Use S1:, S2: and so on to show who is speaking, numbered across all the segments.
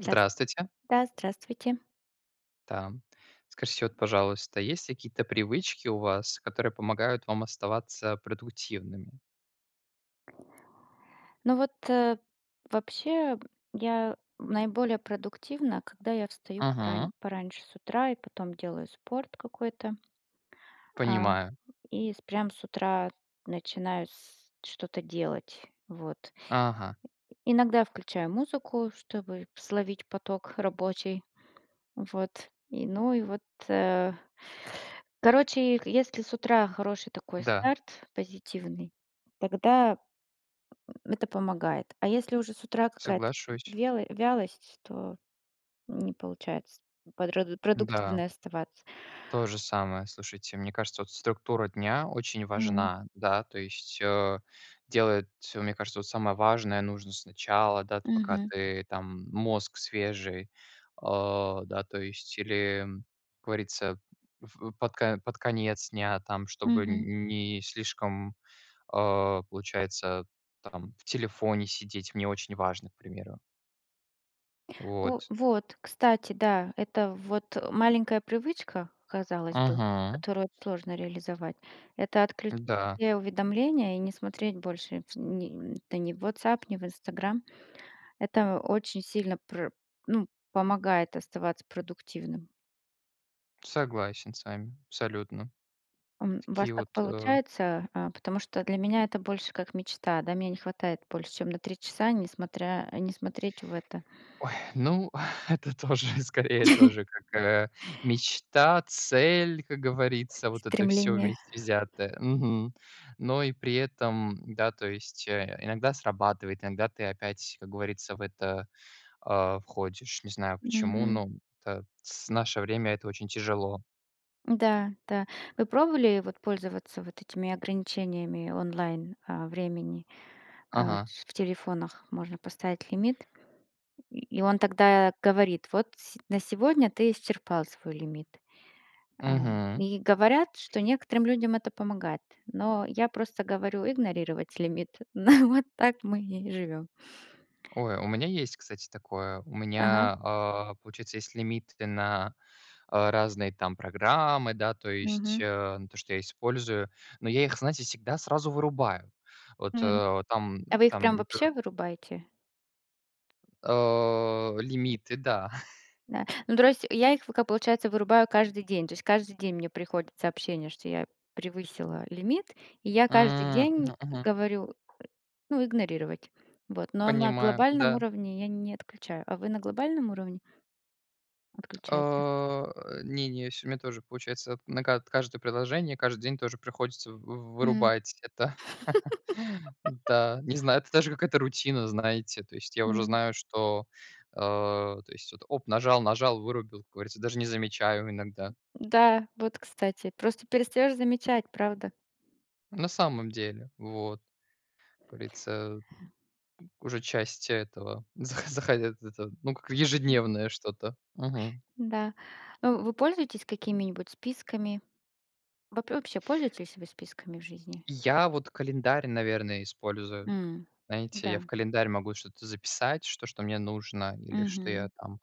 S1: Здрас Да, здравствуйте.
S2: Да, м. Скажите вот, пожалуйста, есть какие-то привычки у вас, которые помогают вам оставаться продуктивными?
S1: Ну, вот, вообще я наиболее продуктивна, когда я встаю порань
S2: Мгм.
S1: пораньше с утра и потом делаю спорт какой-то. А,
S2: Понимаю.
S1: и с прям с утра начинаю с что-то делать. Вот.
S2: Ага.
S1: Иногда включаю музыку, чтобы словить поток рабочий. Вот и, ну и вот, э, короче, если с утра хороший такой
S2: Да.
S1: старт, позитивный, тогда, м, это помогает. А если уже с утра какая-то
S2: Соглашусь.
S1: вело вялость, то, м, не получается подрод
S2: Н-да.
S1: продуктивной оставаться.
S2: То же самое. Слушайте, мне кажется, вот структура дня очень
S1: Мгм.
S2: важна, да, то есть, э, делать, э, мне кажется, вот самое важное нужно сначала, да, ты, пока
S1: Мгм.
S2: ты там, мозг свежий, а, да. То есть или, как говорится, э, ф э, под ка под конец дня, там чтобы
S1: Мгм.
S2: н не слишком, а, получается, там в телефоне сидеть, мне очень важно, к примеру. Вот.
S1: У, вот, кстати, да, это вот маленькая привычка, казалось бы,
S2: Мгм.
S1: которую сложно реализовать,- это отклю
S2: М-да.
S1: все уведомления и не смотреть больше ни это не в WhatsApp, ни в Instagram. Это очень сильно про ну, помогает оставаться продуктивным.
S2: Согласен с вами, абсолютно.
S1: М, у вас
S2: Такие вот,
S1: как
S2: э
S1: получается? А, потому что для меня это больше как мечта, да, меня не хватает больше чем на 3 часа, не смотря, э, не смотреть в это.
S2: Ой, ну это тоже, и скорее, тоже какая мечта, цель, как говорится, вот это всё
S1: Стремление.
S2: вместе взятое. Мгм. Но и при этом, да, то есть, э, иногда срабатывает, иногда ты опять, как говорится, в это, а, входишь. Не знаю почему,
S1: Мгм.
S2: но это с наше время это очень тяжело.
S1: Да, да. Вы пробовали вот пользоваться вот этими ограничениями онлайн, а, времени, а,
S2: Ага.
S1: ш в телефонах можно поставить лимит, И и он тогда говорит: "Вот с на сегодня ты исчерпал свой лимит". А
S2: Мгм.
S1: и говорят, что некоторым людям это помогает, но я просто говорю: "Игнорировать лимит". На вот так мы и живём.
S2: Ой, у меня есть, кстати, такое. У
S1: Ага.
S2: меня, а, получается, есть лимиты на, а, разные там программы, да, то есть,
S1: Мгм.
S2: а, на то, что я использую. Но я их, знаете, всегда сразу вырубаю. Вот,
S1: М.
S2: э, вот там
S1: А вы их
S2: там
S1: прям
S2: не п
S1: вообще вырубаете?
S2: А, лимиты. Да.
S1: А, ну тро есть я их ф к пока, получается, вырубаю каждый день, то есть каждый день мне приходит сообщение, что я превысила лимит, и я каждый
S2: М,
S1: день
S2: мгм мгм.
S1: говорю, э: "Ну, игнорировать". Вот. Но на
S2: Понимаю,
S1: глобальном
S2: да.
S1: уровне я не отключаю. А вы на глобальном уровне отключаете?
S2: А, э, не не сь у меня тоже, получается, на ка каждое приложение каждый день тоже приходится вы
S1: Мгм.
S2: вырубать это. Да, не знаю, это даже какая-то рутина, знаете. То есть я уже
S1: Мгм.
S2: знаю, что, а, то есть вот, оп, нажал, нажал, вырубил, как говорится, даже не замечаю иногда.
S1: Да, вот, кстати, просто перестаешь замечать, правда?
S2: На самом деле вот. Как говорится, м, м, уже часть этого захо захотят это, ну, как
S1: М.
S2: ежедневное что-то. Мгм.
S1: Н-да. Э, вы пользуетесь какими-нибудь списками? Вооб вообще пользуетесь вы списками в жизни?
S2: Я, вот, календарь, наверное, использую.
S1: М,
S2: Знаете, я
S1: да.
S2: в календарь могу что-то записать, что что мне нужно или что я
S1: Мгм.
S2: там,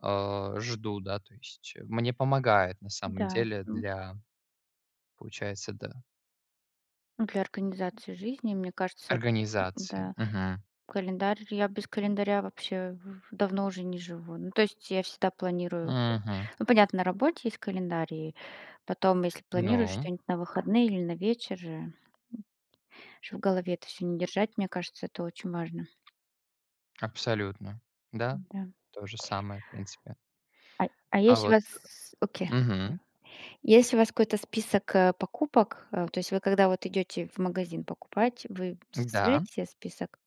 S2: а, жду, да, то есть, мне помогает, на самом
S1: Да,
S2: деле,
S1: м.
S2: для Получается, да.
S1: Для организации жизни, мне кажется
S2: Организации.
S1: м-да,
S2: Мгм.
S1: календарь, я без календаря вообще в в давно уже не живу. Ну, то есть я всегда планирую.
S2: Мгм.
S1: Ну, понятно, на работе есть календарь, и потом, если планируешь
S2: Ну.
S1: что-нибудь на выходные или на вечер, э, м, чтоб в голове это всё не держать, мне кажется, это очень важно.
S2: Абсолютно! Да,
S1: М-да.
S2: то же самое, в принципе.
S1: А а
S2: А
S1: есть у
S2: вот,
S1: вас с с окей.
S2: э мгм.
S1: Да. Есть у вас какой-то список, а, покупок, а, то есть вы, когда вот идете в магазин покупать, вы
S2: М-да.
S1: составляете себе список?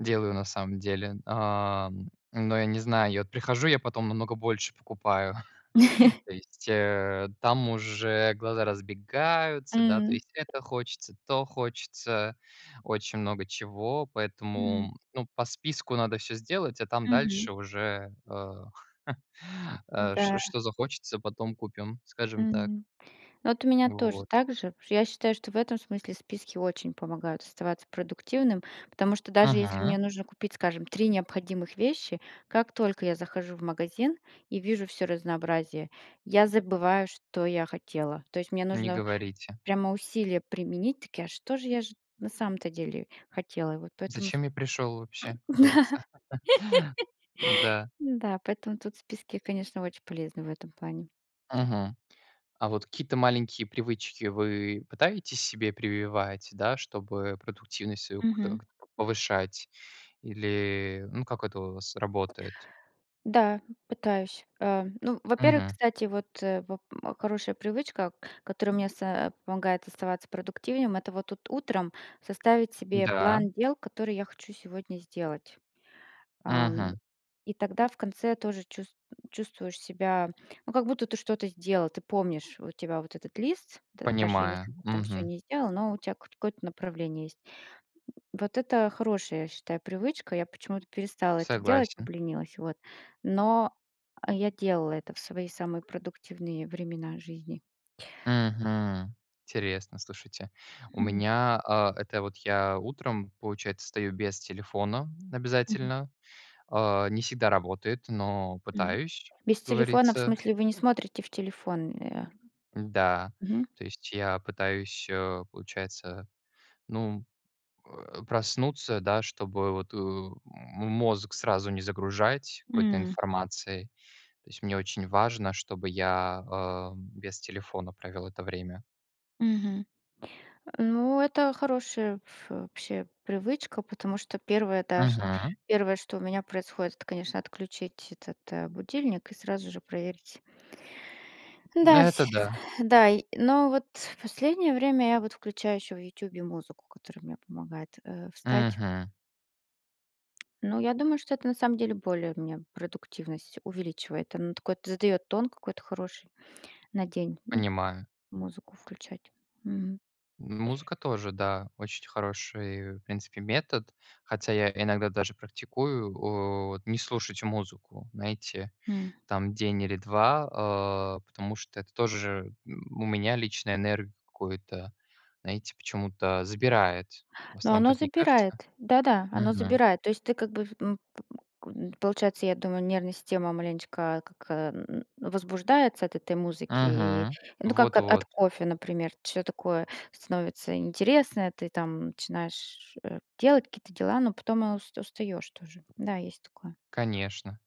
S2: Делаю на самом деле. А, м, но я не знаю. Я вот прихожу, я потом намного больше покупаю. То есть, э, там уже глаза разбегаются, да, то
S1: М.
S2: есть: это хочется, то хочется. Очень много чего,
S1: М.
S2: поэтому, ну, по списку надо всё сделать, а там
S1: Мгм.
S2: дальше уже, а, а, ш
S1: Н-да.
S2: что захочется- потом купим. Скажем так.
S1: Мгм. Ну, вот у меня тоже
S2: Вот.
S1: так же, потому что я считаю, что в этом смысле списки очень помогают оставаться продуктивным, потому что даже если
S2: Мгм.
S1: мне нужно купить, скажем, 3 необходимых вещи, как только я захожу в магазин и вижу всё разнообразие, я забываю, что я хотела. То есть мне
S2: Не
S1: нужно
S2: говорите.
S1: прямо усилия применить, такие: "А что же я ж на самом-то деле хотела?" И вот поэтому сп
S2: Зачем я пришел вообще, как говорится? Н-да.
S1: Н-да. Поэтому тут списки, конечно, очень полезны в этом плане.
S2: Мгм. А вот какие-то маленькие привычки вы пытаетесь себе прививать, да, чтобы продуктивность свою какую-то
S1: Мгм.
S2: повышать? Или, ну как это у вас работает?
S1: Да, м, пытаюсь. А, ну, во-первых,
S2: Мгм.
S1: кстати, вот, воп хорошая привычка, которая мне са помогает оставаться продуктивнее, м, это вот тут утром составить себе
S2: Да.
S1: план дел, которые я хочу сегодня сделать. Ам,
S2: Мгм.
S1: и тогда в конце тоже чус чувствуешь себя, ну, как будто ты что-то сделал. Ты помнишь, у тебя вот этот лист, д даже
S2: Понимаю.
S1: если ты там всё
S2: Мгм.
S1: не сделал, но у тя кот какое-то направление есть. М, вот это хорошая, я считаю, привычка. Я почему-то перестала это делать,
S2: Согласен.
S1: обленилась, вот. Но, а, я делала это в свои самые продуктивные времена жизни.
S2: Мгм. Интересно, слушайте. У
S1: Мгм.
S2: меня, а, это вот я утром, получается, встаю без телефона
S1: Мгм.
S2: обязательно. А, не всегда работает, но
S1: Мгм.
S2: пытаюсь,
S1: Без телефона, в
S2: говорится
S1: смысле, вы не смотрите в телефон, э, а?
S2: Н-да,
S1: Мгм.
S2: то есть, я пытаюсь, э, получается, ну, э, проснуться, да, чтобы вот, э, м мозг сразу не загружать какой-то
S1: М.
S2: информацией. То есть, мне очень важно, чтобы я, а, без телефона провел это время.
S1: Мгм. Э, ну, это хорошая ф вообще привычка, потому что первое, да, ш
S2: Мгм.
S1: первое, что у меня происходит, это, конечно, отключить этот, будильник и сразу же проверить.
S2: М,
S1: М-да, вс
S2: это да.
S1: да, и но вот в последнее время я вот включаю еще в "Ютубе" музыку, которая мне помогает, э, встать.
S2: Мгм.
S1: Ну, я думаю, что это, на самом деле, более у меня продуктивность увеличивает. Оно такое, т задает тон какой-то хороший на день, ну,
S2: Понимаю.
S1: музыку включать. Мгм.
S2: М музыка тоже, да, очень хороший, в принципе, метод. Хотя я иногда даже практикую, о, вот, не слушать музыку. Знаете,
S1: Мгм.
S2: там, день или 2, а, потому что это тоже, м, у меня лично энергию какую-то, знаете, почему-то забирает. В
S1: Но
S2: основном,
S1: оно
S2: так не кажется?
S1: забирает, да да, оно
S2: Мгм.
S1: забирает. То есть ты, как бы, в ну, получается, я думаю, нервная система маленечко, как, э, м, м, возбуждается от этой музыки,
S2: Мгм.
S1: ну, как
S2: Вот
S1: от
S2: вот.
S1: от кофе, например, ч такое становится интересное, ты там начинаешь, э, делать какие-то дела, но потом ус устаешь тоже. Да, есть такое.
S2: Конечно.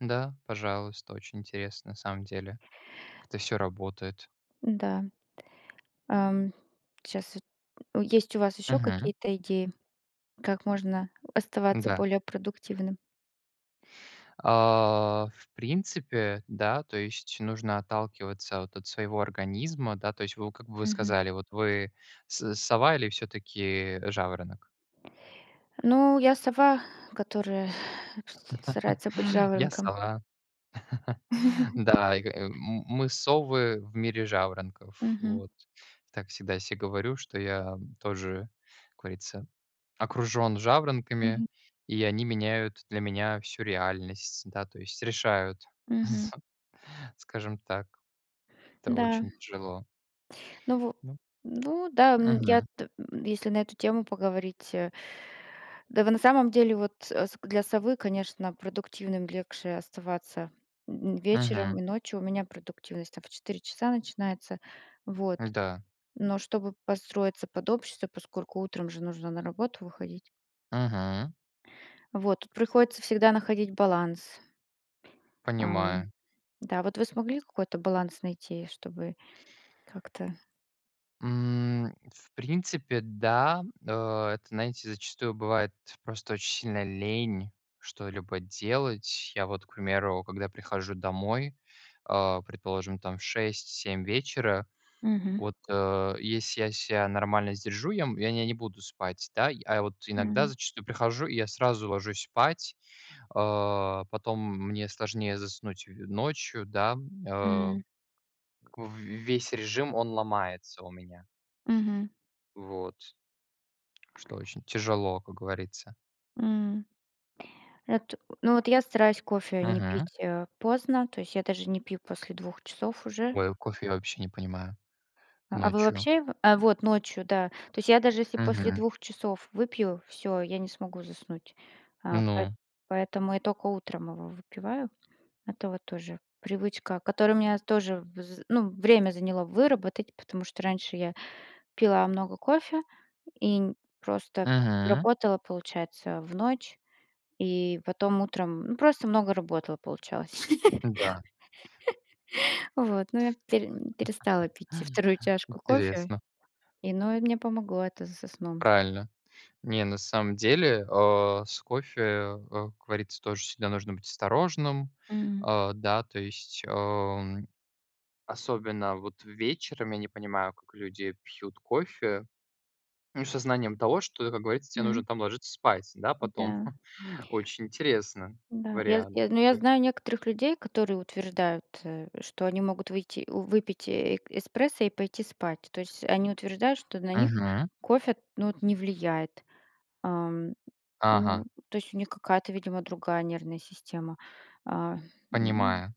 S2: Да, пожалуйста. Очень интересно, на самом деле, к это всё работает.
S1: Н-да. Ам, щас эт м, есть у вас ещё
S2: Мгм.
S1: какие-то идеи, как можно оставаться
S2: Н-да.
S1: более продуктивным?
S2: А, в принципе, да. То есть нужно отталкиваться вот от своего организма, да. То есть вы, в как вы
S1: Мгм.
S2: сказали: "Вот, вы с сова или всё-таки жаворонок?"
S1: Ну, я сова, которая вс старается быть
S2: Я
S1: жаворонком.
S2: сова. Да, и ка м мы совы в мире жаворонков,
S1: Мгм.
S2: вот. И так всегда я се говорю, что я, м, тоже, как говорится, окружен жаворонками,
S1: Мгм.
S2: и они меняют для меня всю реальность, да, то есть, решают,
S1: Мгм.
S2: скажем так. Это
S1: Да.
S2: очень тяжело.
S1: Ну, во
S2: Ну
S1: ну да, м, я
S2: Мгм.
S1: т м, если на эту тему поговорить, э, да вы на самом деле вот, с для совы, конечно, продуктивным легче оставаться, м, м,
S2: Мгм.
S1: вечером и ночью. У меня продуктивность там в 4 часа начинается, вот.
S2: Н-да.
S1: Но чтобы подстроиться под общество, поскольку утром же нужно на работу выходить.
S2: Мгм.
S1: Вот, тут приходится всегда находить баланс. Ам,
S2: Понимаю.
S1: да, вот вы смогли какой-то баланс найти, чтобы как-то.
S2: М, в принципе, да. Э, это, знаете, зачастую бывает просто очень сильно лень что-либо делать. Я, вот, к примеру, когда прихожу домой, э, предположим, там в 6-7 вечера.
S1: Мгм.
S2: Вот, э, если я ся нормально сдержу, я м я не не буду спать, да. А вот иногда
S1: Хм.
S2: зачастую прихожу и я сразу ложусь спать, а, потом мне сложнее заснуть ночью, да, э.
S1: М.
S2: В весь режим он ломается у меня.
S1: Мгм.
S2: Вот. Что очень тяжело, как говорится.
S1: М. Эт ну вот я стараюсь кофе не
S2: Мгм.
S1: пить, э, поздно, то есть я даже не пью после 2 часов уже.
S2: Ой, а кофе, я вообще не понимаю
S1: А вы
S2: ночью.
S1: вообще его? А, вот ночью, да. То есть я даже, если после
S2: Мгм.
S1: 2 часов выпью, всё, я не смогу заснуть. А, поэт
S2: Ну.
S1: поэтому я только утром его выпиваю. Это вот тоже привычка, которая у меня тоже вз ну, время заняло выработать, потому что раньше я пила много кофе и н просто
S2: Мгм.
S1: работала получается в ночь, и потом утром, ну, просто много работала получалось.
S2: Да.
S1: Вот, но я пере перестала пить 2 чашку кофе,
S2: Интересно.
S1: и ну, мне помогло это со сном.
S2: Правильно. Не, на самом деле, э, с кофе, э, как говорится, тоже всегда нужно быть осторожным.
S1: Мгм.
S2: Э, да, то есть, э, особенно вот вечером, я не понимаю, как люди пьют кофе, ну со знанием того, что, как говорится, те нужно
S1: М.
S2: там ложиться спать, да,
S1: О
S2: потом.
S1: да.
S2: Очень интересно,
S1: Да, я
S2: вариант
S1: я знаю, ну, я
S2: такой.
S1: знаю некоторых людей, которые утверждают, э, что они могут выйти у выпить э эспрессо и пойти спать, то есть они утверждают, что на них
S2: Мгм.
S1: кофе, ну, вот не влияет, Ам,
S2: Ага.
S1: ну, то есть у них какая-то видимо другая нервная система. А, ну.
S2: Понимаю.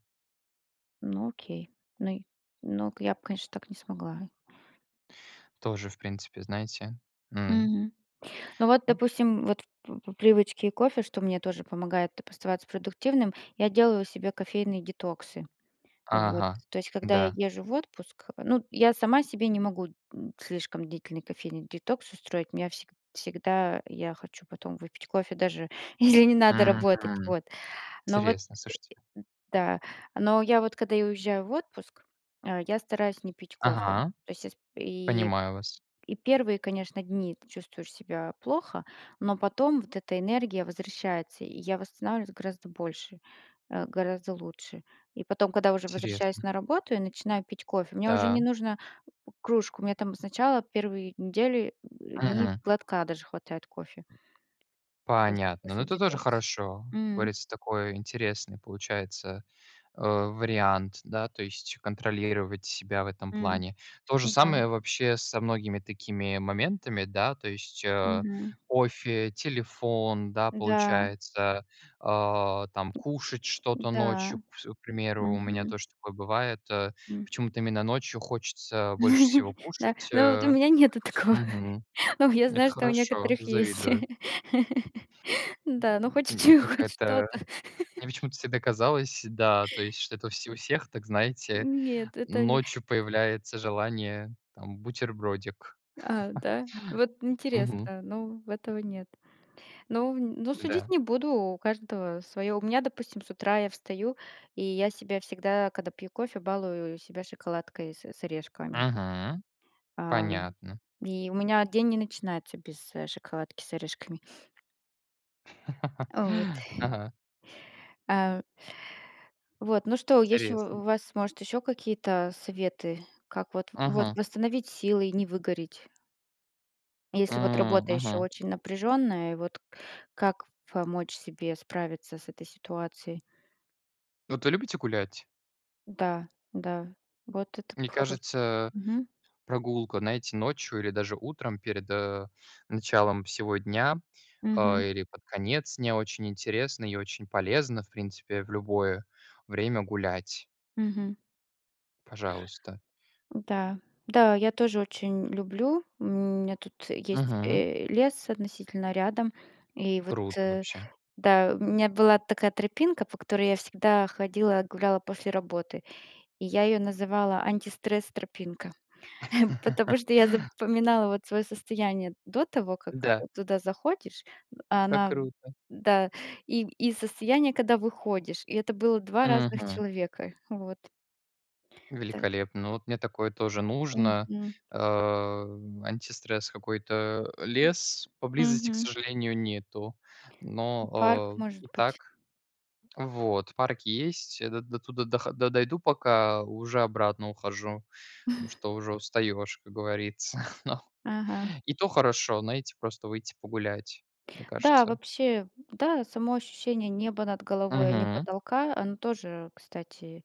S1: Ну окей, но й но я б конечно так не смогла.
S2: Тоже, в принципе, знаете, м.
S1: Мгм, ну вот,
S2: Ну.
S1: допустим, вот, по по привычке кофе, что мне тоже помогает оставаться продуктивным, я делаю себе кофейные детоксы. Вот,
S2: Ага,
S1: то есть, когда я
S2: да.
S1: езжу в отпуск, ну, я сама себе не могу, м, слишком длительный кофейный детокс устроить, у меня вс всегда, я хочу потом выпить кофе даже, если не надо работать,
S2: Мгм,
S1: вот. Но, вот
S2: интересно, слушайте.
S1: Да. Но я вот когда я уезжаю в отпуск, э, я стараюсь не пить кофе.
S2: Ага.
S1: То есть я спе и
S2: Понимаю вас.
S1: и 1, конечно, дни ты чувствуешь себя плохо, но потом вот эта энергия возвращается, и я восстанавливаюсь гораздо больше, э, гораздо лучше. И потом, когда уже возвращаюсь
S2: Интересно.
S1: на работу и начинаю пить кофе, мне уже не
S2: Да.
S1: нужно п кружку, мне там сначала 1 недели, дни
S2: Мгм.
S1: глотка даже хватает кофе. То есть
S2: Понятно, но
S1: после
S2: это тоже
S1: детокса.
S2: хорошо, как
S1: Мгм.
S2: говорится, такой интересный получается, э, вариант. Да, то есть, контролировать себя в этом
S1: Мгм,
S2: плане. То же
S1: да.
S2: самое вообще со многими такими моментами, да, то есть, э,
S1: Мгм.
S2: кофе, телефон, да,
S1: Да.
S2: получается, а, там кушать что-то
S1: Да,
S2: ночью вс К примеру, у меня
S1: мгм.
S2: тоже такое бывает. Э,
S1: М.
S2: почему-то именно ночью хочется больше всего
S1: Да,
S2: кушать,
S1: ну вот, у
S2: э.
S1: меня нету такого,
S2: Мгм.
S1: но я
S2: Это
S1: знаю, что у
S2: хорошо,
S1: некоторых есть.
S2: завидую.
S1: Да, ну хоть с
S2: М, и
S1: чего, ну хоть
S2: какая-то,
S1: что-то.
S2: мне почему-то всегда казалось, да, то есть что это у вс у всех так, знаете,
S1: Нет, это они
S2: ночью появляется желание, там бутербродик.
S1: А, да, вот
S2: Мгм.
S1: интересно, но в этого нет. Но но судить
S2: Да.
S1: не буду, у каждого своё. У меня, допустим, с утра я встаю, и я себя всегда, когда пью кофе, балую себя шоколадкой с с орешками.
S2: Мгм,
S1: Ам,
S2: понятно.
S1: и у меня день не начинается без, э, шоколадки с орешками. А, вот.
S2: Ага.
S1: А, у Вот, ну что, есть у
S2: Интересно.
S1: у вас, может, ещё какие-то советы, как, вот вот
S2: Мгм.
S1: восстановить силы и не выгореть? Если вот
S2: М,
S1: работа ещё
S2: мгм.
S1: очень напряженная, вот как помочь себе справиться с этой ситуацией?
S2: Вот вы любите гулять?
S1: Да, да, вот это
S2: Мне
S1: хорош
S2: кажется,
S1: Мгм.
S2: прогулка, знаете, ночью или даже утром перед, э, началом всего дня, э,
S1: Мгм.
S2: или под конец дня очень интересно и очень полезно, в принципе, в любое время гулять.
S1: Мгм.
S2: Пожалуйста!
S1: Да, да, я тоже очень люблю, у меня тут есть,
S2: Мгм.
S1: э, лес относительно рядом, и вот,
S2: Круто вообще.
S1: да, у меня была такая тропинка, по которой я всегда ходила, гуляла после работы, и я её называла антистресс- тропинка. Потому что я запоминала, вот, свое состояние до того, как
S2: Да.
S1: туда заходишь, а
S2: Как
S1: на
S2: круто!
S1: Да, и, и состояние, когда выходишь, и это было 2 разных
S2: Мгм.
S1: человека, вот. Та
S2: Великолепно, ну, вот мне такое тоже нужно,
S1: Мгм.
S2: э, антистресс, какой-то. Лес поблизости, к
S1: Мгм.
S2: сожалению, нету,
S1: М, парк
S2: но,
S1: может
S2: э, и
S1: быть?
S2: так, вот, парк есть. Я до дотуда дохо до дойду пока, уже обратно ухожу, потому что уже устаешь, как говорится, но
S1: Ага.
S2: и то хорошо, знаете, просто выйти погулять, мне
S1: Да,
S2: кажется.
S1: вообще, да, само ощущение неба над головой, а не
S2: Мгм.
S1: потолка, оно тоже, кстати,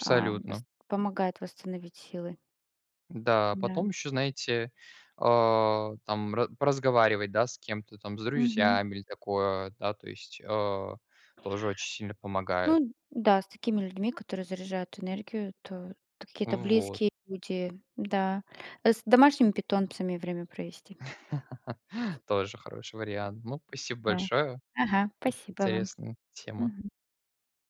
S1: а, вост помогает восстановить силы.
S2: Да, а потом
S1: Да.
S2: ещё знаете, а, там ра поразговаривать, да, с кем-то, там с
S1: Мгм.
S2: друзьями или такое, да то есть, э, тоже очень сильно помогает.
S1: Ну да, с такими людьми, которые заряжают энергию, то какие-то
S2: Вот.
S1: близкие люди. Да, с домашними питомцами время провести.
S2: Тоже хороший вариант. Ну, спасибо
S1: Да,
S2: большое,
S1: ага,
S2: очень
S1: спасибо вам,
S2: интересная тема.
S1: мгм.